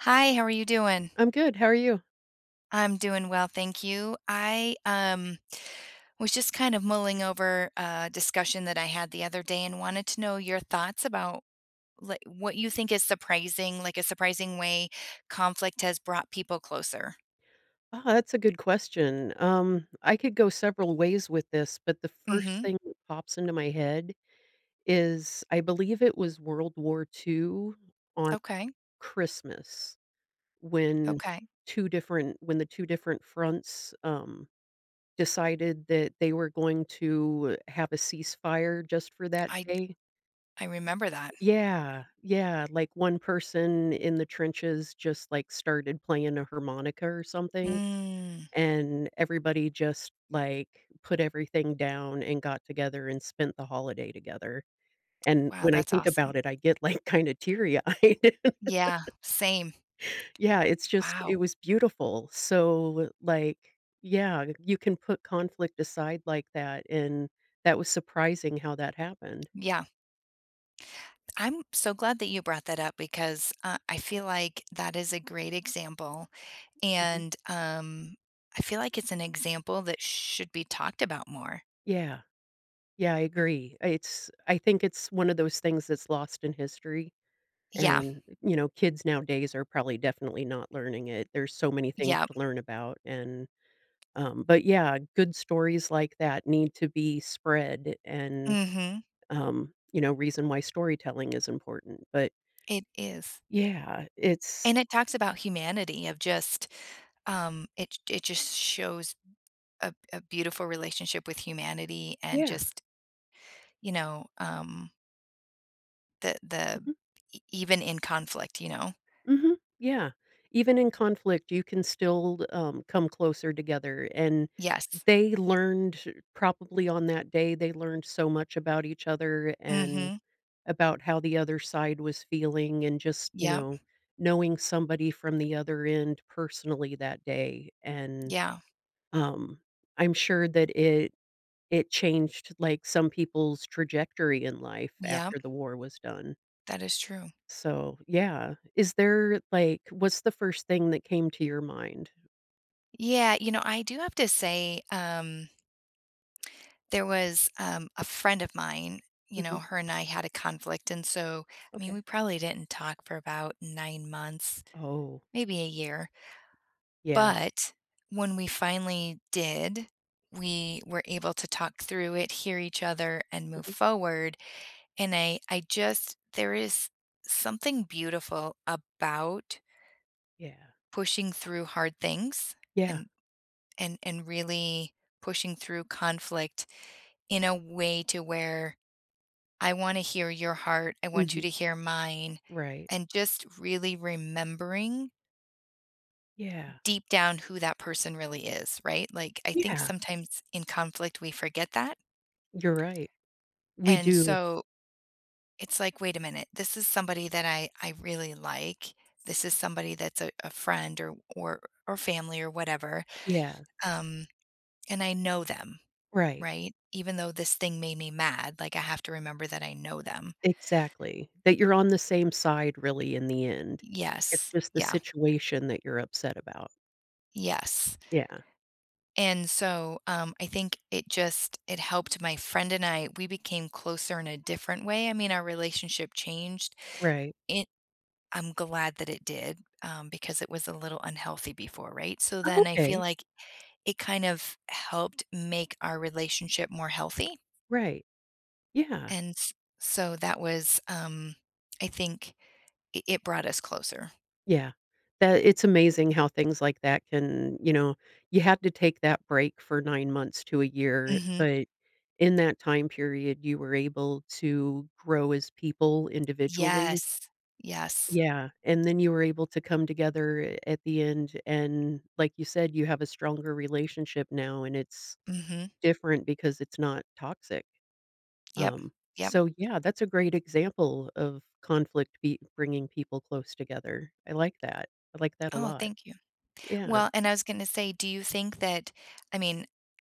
Hi, how are you doing? I'm good, how are you? I'm doing well, thank you. I, um, was just kind of mulling over a discussion that I had the other day and wanted to know your thoughts about, li what you think is surprising, like, a surprising way conflict has brought people closer? Ah, that's a good question, um, I could go several ways with this, but the first Mhm. thing that pops into my head is, I believe it was World War II on Okay. Christmas when Okay. 2 different when the 2 different fronts, um, decided that they were going to have a ceasefire just for that I d day I remember that. Yeah. Yeah, like, one person in the trenches just, like, started playing a harmonica or something, Mm. and everybody just, like, put everything down and got together and spent the holiday together, and Wow, when I that's think awesome. about it, I get, like, kinda teary-eyed. Yeah, same. Yeah, it's just it Wow. was beautiful. So, like, yeah, you can put conflict aside like that, and that was surprising how that happened. Yeah. I'm so glad that you brought that up because, uh, I feel like that is a great example, Mhm. and, um, I feel like it's an example that should be talked about more. Yeah. Yeah, I agree. I it's I think it's one of those things that's lost in history, Yeah. and, you know, kids nowadays are probably definitely not learning it, there's so many things Yep. to learn about, and, um but, yeah, good stories like that need to be spread and, Mhm. um, you know, reason why storytelling is important, but It is. Yeah, it's And it talks about humanity of just um, it j it just shows a a beautiful relationship with humanity and Yeah. just you know, um the the Mhm. e even in conflict, you know? Mhm. Yeah. Even in conflict, you can still, um, come closer together, and Yes. they learned to probably on that day, they learned so much about each other and Mhm. about how the other side was feeling and just, you Yep. know, knowing somebody from the other end personally that day, and, Yeah. um, I'm sure that it it changed, like, some people's trajectory in life Yep. after the war was done That is true. so, yeah. Is there, like what's the first thing that came to your mind? Yeah, you know, I do have to say, um there was, um, a friend of mine, you know, Mhm. her and I had a conflict, and so, I mean, Okay. we probably didn't talk for about 9 months, Oh. maybe a year Yeah. but when we finally did, we were able to talk through it, hear each other, and move Mhm. forward, and I I just there is something beautiful about Yeah. pushing through hard things Yeah. and and and really pushing through conflict in a way to where I wanna hear your heart, I want you to Mhm. hear mine, Right. and just really remembering Yeah. deep down who that person really is, right? Like, I think Yeah. sometimes in conflict we forget that You're right. We and do. so it's like, “Wait a minute, this is somebody that I I really like, this is somebody that's a a friend or or or family or whatever, Yeah. um, and I know them, Right. right? Even though this thing made me mad, like, I have to remember that I know them.“ Exactly. That you're on the same side really in the end. It's Yes. just the Yeah. situation that you're upset about. Yes, Yeah. and so, um, I think it just it helped my friend and I, we became closer in a different way, I mean, our relationship changed. Right. It I'm glad that it did, um, because it was a little unhealthy before, right? So Oh, then I feel okay. like it kind of helped make our relationship more healthy. Right. Yeah. And s so that was, um I think it it brought us closer. Yeah, that it's amazing how things like that can, you know you have to take that break for 9 months to a year, Mhm. but in that time period, you were able to grow as people individually. Yes, yes. Yeah, and then you were able to come together at the end, and, like you said, you have a stronger relationship now, and it's Mhm. different because it's not toxic. Yep. Um, Yep. so, yeah, that's a great example of conflict be bringing people close together. I like that, I like that a Oh, lot. thank you. Yeah. Well and I was gonna say, do you think that, I mean,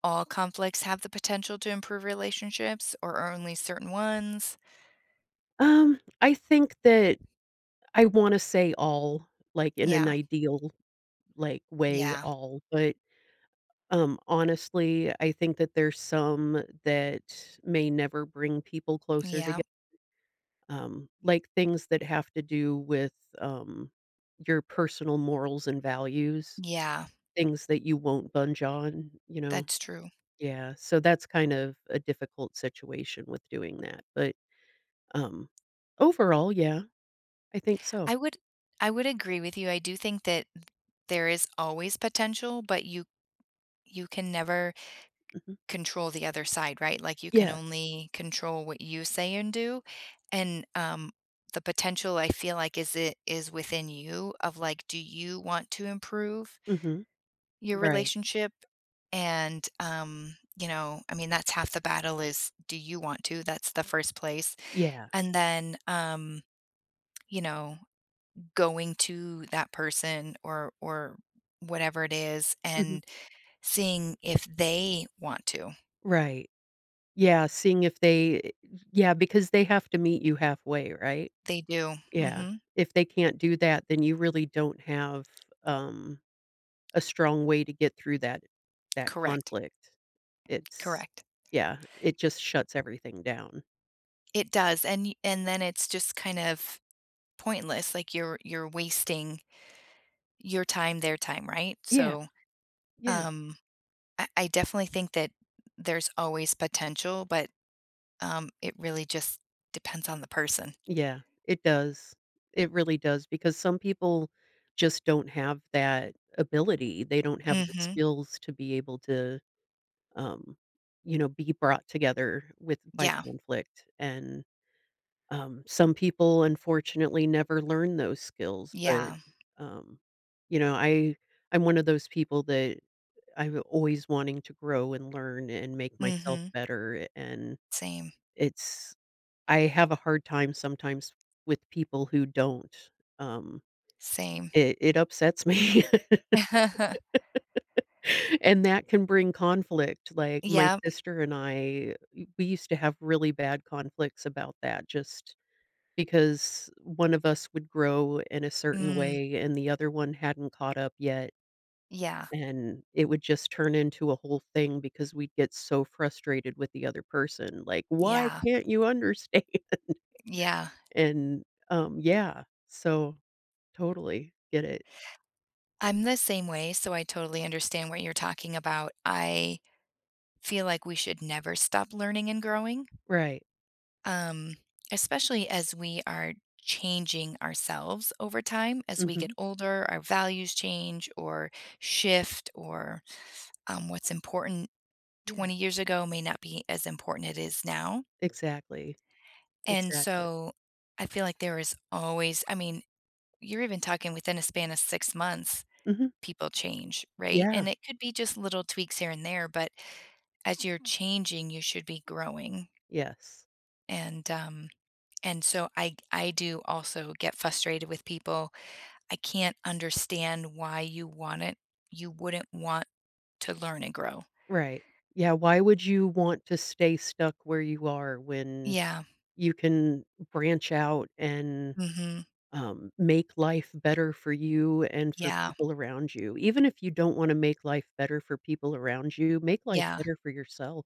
all conflicts have the potential to improve relationships or only certain ones? Um, I think that I wanna say all, like, in an Yeah. ideal, like, way Yeah. all. But, um, honestly, I think that there's some that may never bring people closer toge Yep. um, like, things that have to do with, um, your personal morals and values, Yeah. things that you won't budge on, you know? That's true. Yeah. So, that's kind of a difficult situation with doing that. But, um, overall, yeah, I think so. I would I would agree with you. I do think that th there is always potential, but you you can never Mhm. control the other side, right? Like, you can Yes. only control what you say and do. And, um, the potential, I feel like, is it is within you of, like, do you want to improve Mhm. your Right. relationship? And, um, you know, I mean, that's half the battle is, do you want to? That's the first place. Yeah. And then, um, you know, going to that person or or whatever it is, Mhm. and seeing if they want to. Right. Yeah, seeing if they eh yeah, because they have to meet you halfway, right? They do. Yeah. Mhm. If they can't do that, then you really don't have, um, a strong way to get through that that Correct. conflict. It's Correct. yeah. It just shuts everything down. It does, and you and then it's just kind of pointless. Like, you're you're wasting your time, their time, right? Yeah. So, Yeah. um, I I definitely think that there's always potential, but, um, it really just depends on the person. Yeah. It does. It really does, because some people just don't have that ability. They don't have the Mhm. skills to be able to, um, you know, be brought together with by Yeah. conflict. And, um, some people, unfortunately, never learn those skills, but, Yeah. um, you know, I I'm one of those people that I'm always wanting to grow and learn and make myself Mhm. better, a and Same. it's I have a hard time sometimes with people who don't, um Same. it it upsets me. And that can bring conflict. Like, my Yep. sister and I w we used to have really bad conflicts about that just because one of us would grow in a certain Mm. way and the other one hadn't caught up yet. Yeah. And it would just turn into a whole thing because we'd get so frustrated with the other person. Like, "Why Yeah. can't you understand?" Yeah. And, um, yeah, so, totally get it. I'm the same way, so I totally understand what you're talking about, I feel like we should never stop learning and growing Right. um, especially as we are changing ourselves over time. As we get Mhm. older, our values change or shift or, um, what's important Yeah. 20 years ago may not be as important it is now. Exactly, And, exactly. so, I feel like there is always I mean, you're even talking within a span of 6 months, Mhm. people change, right? Yeah. And it could be just little tweaks here and there, but as you're changing, you should be growing Yes. and, um, and so I I do also get frustrated with people. I can't understand why you want it you wouldn't want to learn and grow. Right. Yeah, why would you want to stay stuck where you are when Yeah. you can branch out and, Mhm. um, make life better for you and for Yeah. people around you? Even if you don't wanna make life better for people around you, make life Yeah. better for yourself.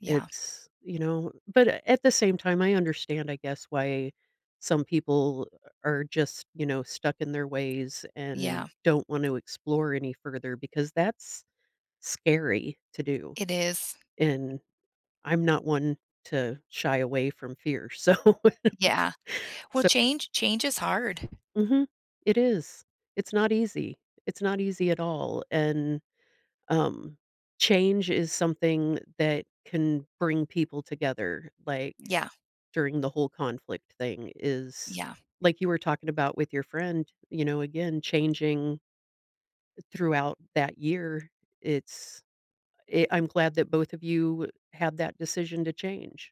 Yeah. It's, you know but at the same time, I understand, I guess, why some people are just, you know, stuck in their ways and Yeah. don't want to explore any further because that's scary to do, It is. and I'm not one to shy away from fear, so Yeah. Well, so change change is hard. Mhm, it is, it's not easy, it's not easy at all, and, um, change is something that can bring people together, like, Yeah. during the whole conflict thing is Yeah. like, you were talking about with your friend, you know, again, changing throughout that year, it's eh, I'm glad that both of you had that decision to change,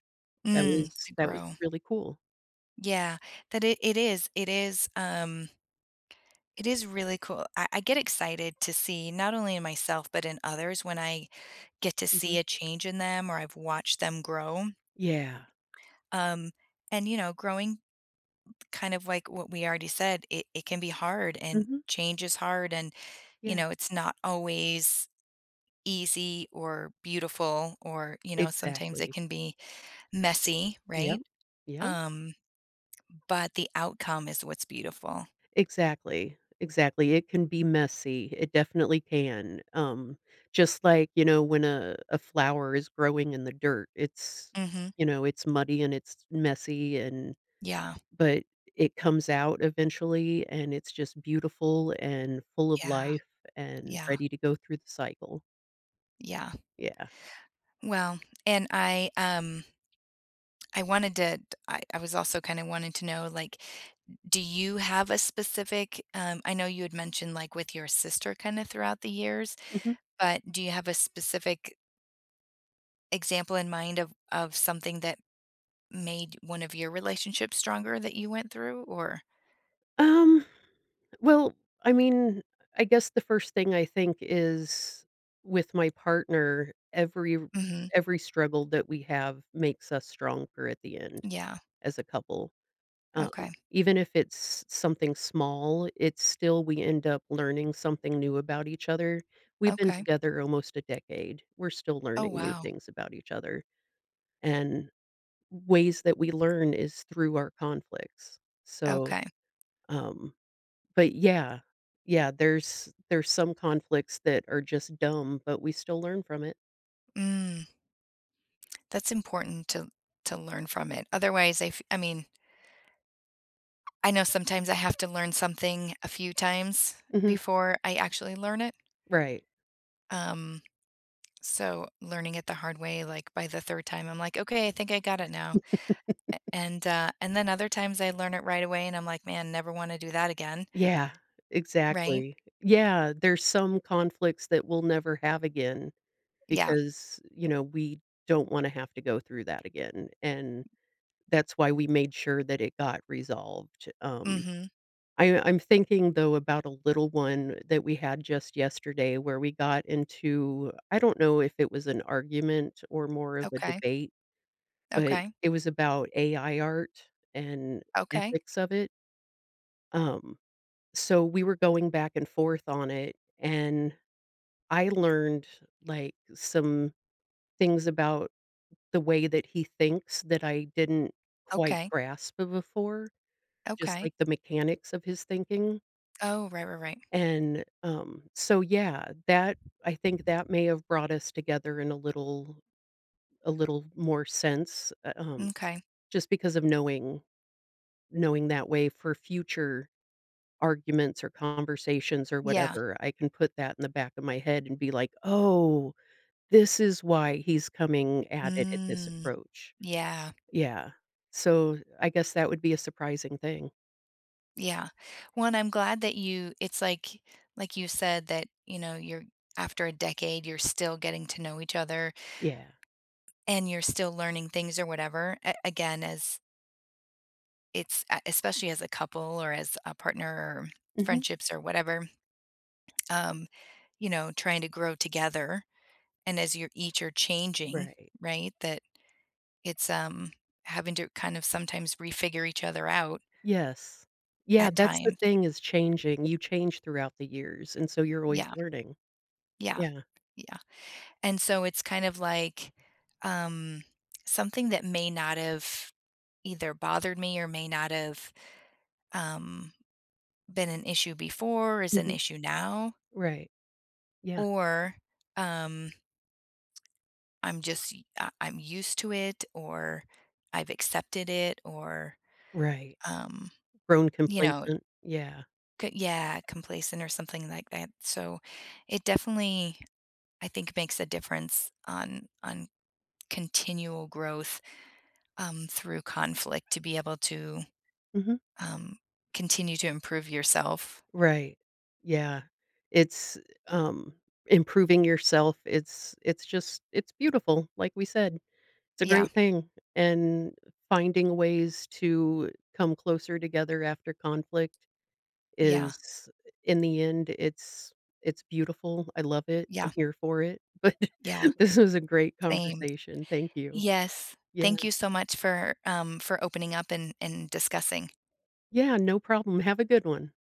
that Mm, was to that was grow. really cool. Yeah. That i it is it is, um it is really cool I I get excited to see, not only in myself, but in others, when I get to see Mhm. a change in them or I've watched them grow. Yeah. Um, and, you know, growing kind of, like, what we already said, it it can be hard, and Mhm. change is hard and, you Yeah. know, it's not always easy or beautiful or you know, sometimes it Exactly. can be messy, Yep. right? Yep. Um, but the outcome is what's beautiful. Exactly, exactly, it can be messy, it definitely can, um, just like, you know, when a a flower is growing in the dirt, it's Mhm. you know, it's muddy and it's messy and Yeah. but it comes out eventually, and it's just beautiful, and full of Yeah. life, and Yeah. ready to go through the cycle. Yeah. Yeah. Well and I, um I wanted to t I I was also kinda wanting to know, like, do you have a specific, um I know you had mentioned, like, with your sister kinda throughout the years, Mhm. but do you have a specific example in mind of of something that made one of your relationships stronger that you went through? Or Um, well, I mean, I guess the first thing I think is with my partner, every r Mhm. every struggle that we have makes us stronger at the end Yeah. as a couple. Um, Okay. even if it's something small, it's still we end up learning something new about each other. We've been Okay. together almost a decade. We're still Oh, learning new wow. things about each other. And ways that we learn is through our conflicts, so, Okay. um but yeah, yeah, there's there's some conflicts that are just dumb, but we still learn from it. Mm. That's important to to learn from it. Otherwise, I f I mean I know sometimes I have to learn something a few times Mhm. before I actually learn it. Right. Um, so learning it the hard way, like, by the 3rd time, I'm like, "Okay, I think I got it now." A and uh, and then other times, I learn it right away, and I'm like, "Man, never wanna do that again." Yeah. Right? Exactly. Yeah. There's some conflicts that we'll never have again Yeah. because, you know, we don't wanna have to go through that again, and that's why we made sure that it got resolved. Um, Mhm. I'm I'm thinking, though, about a little one that we had just yesterday where we got into I don't know if it was an argument or more of a Okay. debate, but Okay. it was about AI art and Okay. ethics of it. Um, so we were going back and forth on it, and I learned, like, some things about the way that he thinks, that I didn't quite Okay. grasp b before, just Okay. like the mechanics of his thinking Oh, right, right, right. and, um so, yeah, that, I think that may have brought us together in a little a little more sense, eh, um, M'kay. just because of knowing knowing that way for future arguments, or conversations, or Yeah. whatever, I can put that in the back of my head and be like, "Oh, this is why he's coming at it at this Mm, approach." yeah. Yeah, so I guess that would be a surprising thing. Yeah. One, I'm glad that you it's like like you said that, you know, you're after a decade, you're still getting to know each other Yeah. and you're still learning things, or whatever, a again, as It's uh, especially as a couple, or as a partner, or Mhm. friendships, or whatever, um, you know, trying to grow together, and as you're each are changing, Right. right, that it's, um, having to kind of sometimes refigure each other out Yes. Yeah, at that's the times. thing, is changing, you change throughout the years, and so you're always Yeah. learning. Yeah, Yeah. yeah, and so it's kind of like, um, something that may not have either bothered me, or may not have, um, been an issue before, is an Mhm. issue now Right. Yeah. or, um I'm just u um, I I'm used to it, or I've accepted it, or, Right. um, Grown you know complacent, yeah. c yeah, complacent, or something like that, so, it definitely, I think, makes a difference on on continual growth, um, through conflict to be able to, Mhm. um, continue to improve yourself. Right. Yeah. It's, um, improving yourself, it's it's just it's beautiful. Like we said, it's a Yeah. great thing, and, finding ways to come closer together after conflict Yeah. is in the end, it's it's beautiful, I love it, I'm Yeah. here for it, but Yeah. this is a great Same. conversation. Thank you. Yes. Yeah. Thank you so much for, um for opening up and and discussing. Yeah, no problem, have a good one.